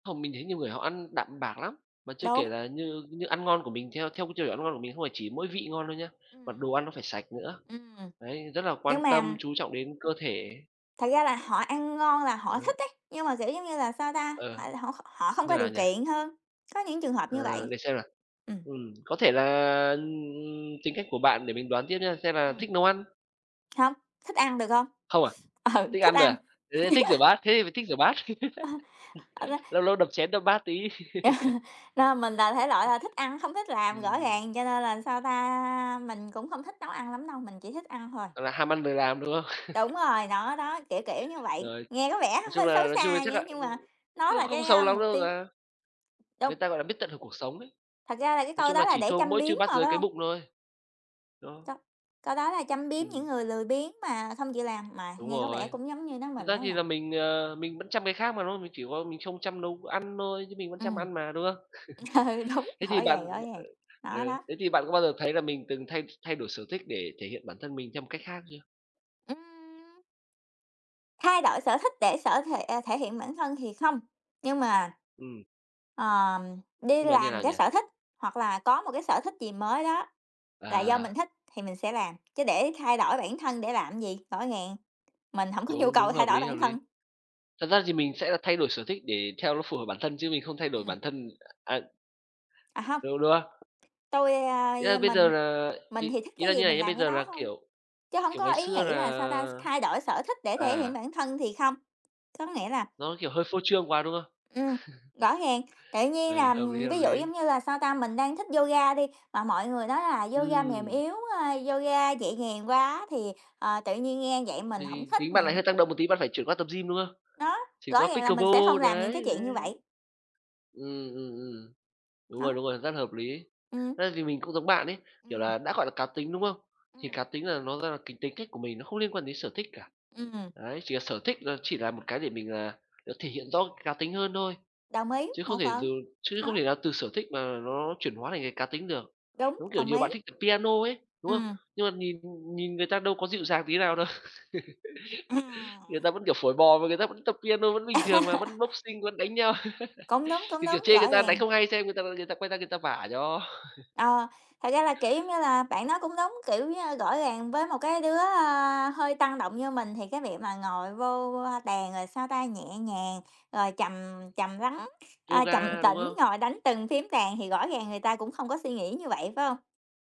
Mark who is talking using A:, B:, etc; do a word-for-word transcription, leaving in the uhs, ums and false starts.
A: Không, mình nghĩ nhiều người họ ăn đạm bạc lắm, mà chưa kể
B: Đúng.
A: là như như ăn ngon của mình, theo theo cái tiêu chuẩn ăn ngon của mình không phải chỉ mỗi vị ngon đâu nhá, mà
B: Ừm.
A: đồ ăn nó phải sạch nữa,
B: Ừm,
A: đấy, rất là
B: nhưng
A: quan tâm
B: mà
A: chú trọng đến cơ thể.
B: Thật ra là họ ăn ngon là họ
A: Ờ.
B: thích ấy, nhưng mà, kiểu, giống như là, sao ta, họ
A: Ờ.
B: là họ h họ không
A: Như
B: có
A: nào
B: điều
A: nhỉ?
B: kiện hơn, có những trường hợp như
A: Ờ,
B: vậy.
A: để xem nào,
B: Ừm.
A: ừm, có thể là, ừm, ừm, tính cách của bạn để mình đoán tiếp nha, xem là
B: Ừm.
A: thích nấu ăn?
B: Hông, thích ăn được hông?
A: Không à,
B: Ừ,
A: thích
B: thích
A: ăn thôi
B: ăn.
A: à? Ơ, thích rửa bát, thế thì phải thích rửa bát,
B: Ơ! Ờ l
A: lâu lâu đập chén đập bát tí.
B: Nên mình là thể loại là thích ăn, hông thích làm, rõ
A: Ừm.
B: ràng, cho nên là sao ta, mình cũng không thích nấu ăn lắm đâu, mình chỉ thích ăn thôi.
A: Là ham ăn lười làm, đúng không?
B: Đúng rồi, nó đó, kiểu, kiểu như vậy,
A: Rồi,
B: nghe có vẻ
A: nói chung
B: hơi xấu
A: là nói chung
B: xa
A: chắc
B: nhưng
A: ạ
B: nhưng
A: ưm,
B: mà nó
A: nhưng
B: là
A: không
B: cái,
A: xấu
B: a,
A: lắm
B: mục
A: đâu
B: tiêu
A: ta. Người
B: đung.
A: ta gọi là biết tận hưởng cuộc sống ấy,
B: Thật ra là cái
A: nói
B: câu
A: chung là
B: đó là
A: chỉ
B: để
A: thua
B: châm
A: mỗi
B: biếm
A: Trư Bát
B: mà
A: Giới
B: phải
A: cái
B: hông?
A: bụng thôi. Đó.
B: Câu câu đó là châm biếm những
A: Ừm.
B: người lười biếng mà không chịu làm, mà
A: Đúng
B: nghe có vẻ
A: rồi,
B: cũng giống như nói
A: thực
B: mình
A: ra
B: đó
A: thì
B: nhỉ?
A: là mình, ờ, mình vẫn chăm cái khác mà, đúng không? Mình chỉ có mình không chăm nấu ăn thôi chứ mình vẫn chăm
B: Ừm.
A: ăn mà, đúng không?
B: Ừ, đúng,
A: Thế
B: rõ
A: thì bạn
B: ràng, rõ ràng,
A: ừ,
B: nó
A: ừ,
B: đó.
A: thế thì bạn có bao giờ thấy là mình từng thay thay đổi sở thích để thể hiện bản thân mình theo một cách khác chưa?
B: Ừm! Thay đổi sở thích để sở thể thể hiện bản thân thì không. Nhưng mà,
A: Ừm.
B: ờ, đi
A: Nhưng mà như thế
B: làm
A: nào
B: cái
A: nhỉ?
B: sở thích hoặc là có một cái sở thích gì mới đó là do mình
A: À!
B: thích thì mình sẽ làm, chứ để thay đổi bản thân để làm cái gì, rõ ràng, mình hổng có nhu
A: Đúng, đúng,
B: cầu thay
A: hợp
B: đổi
A: lý, hợp
B: bản
A: lý.
B: thân.
A: Thật ra thì mình sẽ thay đổi sở thích để theo nó phù hợp bản thân, chứ mình không thay đổi
B: Ừm.
A: bản thân à.
B: À, hông.
A: Thế đúng không?
B: Tôi,
A: A,
B: ơ
A: bây giờ
B: mình
A: là
B: mình
A: ý
B: thì thích
A: ý
B: cái
A: là
B: gì
A: như này
B: mình
A: nhá,
B: làm
A: bây
B: cái
A: giờ
B: đó
A: là,
B: thôi,
A: kiểu,
B: chứ hông
A: kiểu,
B: có
A: ngày
B: ý
A: xưa
B: nghĩ
A: là
B: là, sao ta, thay đổi sở thích để thể hiện
A: à.
B: bản thân thì không, có nghĩa là
A: Nó, kiểu, hơi phô trương quá, đúng không?
B: Ừm, rõ ràng, tự nhiên
A: Ừ,
B: là
A: hợp lý, hợp
B: ví dụ giống
A: lý.
B: như là, sao ta, mình đang thích yoga đi, mà mọi người nói là yoga mềm
A: Ừm.
B: yếu, a, yoga nhẹ nhàng quá thì, ờ, tự nhiên nghe vậy mình
A: Thì
B: hổng
A: thì
B: thích,
A: tính bạn lại
B: mình
A: hơi tăng động một tí, bạn phải chuyển qua tập gym, đúng không?
B: Đó,
A: Chuyển
B: rõ
A: qua
B: ràng là mình sẽ
A: pickleball
B: không làm những
A: đấy,
B: cái chuyện như
A: đấy, đấy.
B: vậy.
A: Ừm, ừm, ừm, đúng
B: Đó.
A: rồi, đúng rồi, rất là hợp lý.
B: Ừm.
A: Thế thì mình cũng giống bạn ấy, kiểu
B: Ừm.
A: là đã gọi là cá tính, đúng không? Thì
B: Ừm.
A: cá tính là nó rất là cái tính cách của mình, nó không liên quan đến sở thích cả.
B: Ưm, ừm.
A: Đấy, chỉ là sở thích, ơ, chỉ là một cái để mình là được thể hiện rõ cá tính hơn thôi,
B: Đồng ý,
A: chứ
B: một
A: không thể dù
B: phần.
A: chứ không
B: Đó.
A: thể nào từ sở thích mà nó chuyển hóa thành cái cá tính được,
B: Đúng,
A: giống, kiểu,
B: đồng
A: nhiều bạn
B: ý.
A: thích piano ấy, đúng không?
B: Ừm.
A: Nhưng mà nhìn nhìn người ta đâu có dịu dàng tí nào đâu, người
B: Ừm.
A: ta vẫn, kiểu, phổi bò mà người ta vẫn tập piano vẫn bình thường mà, vẫn boxing vẫn đánh nhau,
B: Cũng đúng, cũng
A: thì, kiểu,
B: đúng,
A: chê người
B: rõ
A: ta đánh
B: ràng.
A: không hay xem, người ta người ta quay ra người ta vả cho.
B: Ờ, thật ra là, kiểu giống như là, bạn nói cũng đúng, kiểu như, rõ ràng với một cái đứa, ơ, hơi tăng động như mình thì cái việc mà ngồi vô, ơ, bàn rồi, sao ta, nhẹ nhàng, rồi trầm trầm lắng, ờ, trầm
A: Yoga, đúng
B: tĩnh
A: không?
B: ngồi đánh từng phím đàn thì rõ ràng người ta cũng không có suy nghĩ như vậy, phải hông?